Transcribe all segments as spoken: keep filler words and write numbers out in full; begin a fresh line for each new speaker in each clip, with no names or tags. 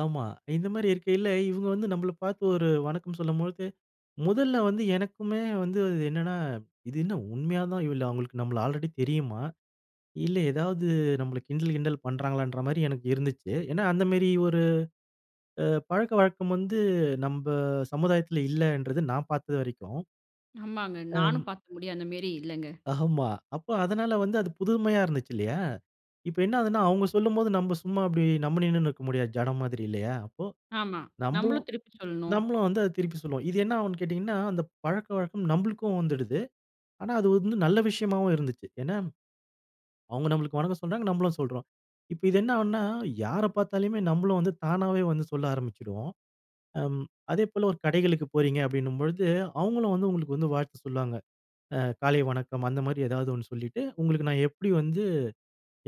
ஆமா. இந்த மாரி இருக்கையில, இவங்க வந்து நம்மள பார்த்து ஒரு வணக்கம் சொல்லும்பொழுது, முதல்ல வந்து எனக்குமே வந்து இது என்னன்னா, "இது என்ன உண்மையா தான் இவ அவங்களுக்கு நம்மள ஆல்ரெடி தெரியுமா, இல்லை எதாவது நம்மள கிண்டல், கிண்டல் பண்ணுறாங்களன்ற" மாரி எனக்கு இருந்துச்சு, ஏன்னா அந்த மாரி ஒரு, அ பழக்க வழக்கம் வந்து, நம்ப சமுதாயத்தில இல்லைன்றது நான் பார்த்த வரைக்கும்.
ஆமாங்க.
அம்.
நானும் பார்த்த முடியும் அந்தமேரி இல்லைங்க.
ஆமா. அப்ப அதனால வந்து அது புதுமையா இருந்துச்சு இல்லையா, இப்ப என்ன ஆகுதுனா அவங்க சொல்லும்போது நம்ப சும்மா அப்படி நம்ப நின்னுனே இருக்க முடியாது, ஜடம் மாதிரி இல்லையா, அப்போ
ஆமா.
நம்மளும்
நம்மளும் திருப்பி சொல்லணும்.
நம்மளும் வந்து அதை திருப்பி சொல்லுவோம். இது என்ன ஆவுன்னு கேட்டீங்கனா, அந்த பழக்கவழக்கம் நம்பளுக்கும் வந்துடுது, ஆனா, அது வந்து நல்ல விஷயமாவும் இருந்துச்சு. ஏன்னா, அவங்க நம்மளுக்கு வணக்கம் சொன்னாங்க, நம்மளும் சொல்றோம். இப்ப இது என்ன ஆவுன்னா யாரை பார்த்தாலுமே, நம்மளும் வந்து தானாவே வந்து சொல்ல ஆரம்பிச்சுடுவோம். அம். அதே போல ஒரு கடைகளுக்கு போறீங்க அப்படினும்போது, அவங்களும் வந்து உங்களுக்கு வந்து வாழ்த்து சொல்வாங்க. ஆ காலை வணக்கம் அந்த மாதிரி ஏதாவது ஒண்ணு சொல்லிட்டு, உங்களுக்கு நான் எப்படி வந்து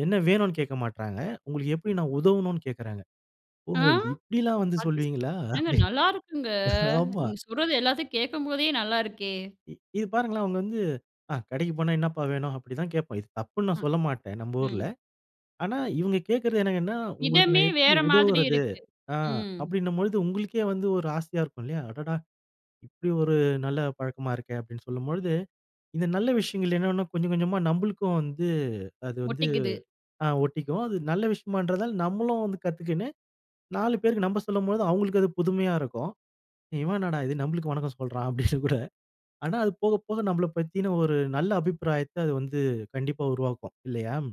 என்ன வேனும்னு கேட்க மாட்டாங்க, உங்களுக்கு எப்படி நான் உதவனும்னு கேட்கிறாங்க, ஓ
ஆ!
இப்படில்லாம் வந்து
அது சரி.
சொல்வீங்களா?
ஏங்க
அப்படி,
நல்லாயிருக்குங்க,
ஆமா.
நீங்க சொல்றது எல்லாத்தையும் கேட்கும்போதே நல்லா இருக்கே.
இ இது பாருங்களேன், அவங்க வந்து ஆ கடைக்குப் போனா "என்னப்பா வேனும்?" அப்படி தான் கேட்போம். இது தப்புன்னு நான்
அ,
சொல்லமாட்டேன் நம்ம ஊர்ல,
ம்.
ஆனா, இவங்க கேட்கிறது என்னன்னா "உங்களுக்கு
விதமே
நான் எப்படி
வேற மாதிரி
உதவுறது."
இருக்கு.
ஆ
ம்.
அப்படின்னும் பொழுது உங்களுக்கே வந்து ஒரு ஆசையா இருக்கும் இல்லையா, அடடா! இப்படி ஒரு நல்ல பழக்கமா இருக்கே! அப்படின்னு சொல்லும்பொழுது, இந்த நல்ல விஷயங்கள் என்னனா கொஞ்சம் கொஞ்சமா நம்மளுக்கும் வந்து, அது வந்து,
ஒட்டிக்குது.
ஆ ஒட்டிக்கும். அது நல்ல விஷயமான்றதால நம்மளும் வந்து கத்துக்கின்னு, நாலு பேருக்கு நம்ப சொல்லும்போது அவங்களுக்கு அது புதுமையா இருக்கும். "இவன் என்னடா இது நம்மளுக்கு வணக்கம் சொல்றான்" அப்படின்னு கூட ஆனா, அது போக போக நம்மள பத்தின ஒரு நல்ல அபிப்பிராயத்தை அது வந்து கண்டிப்பா உருவாக்கும், இல்லையா?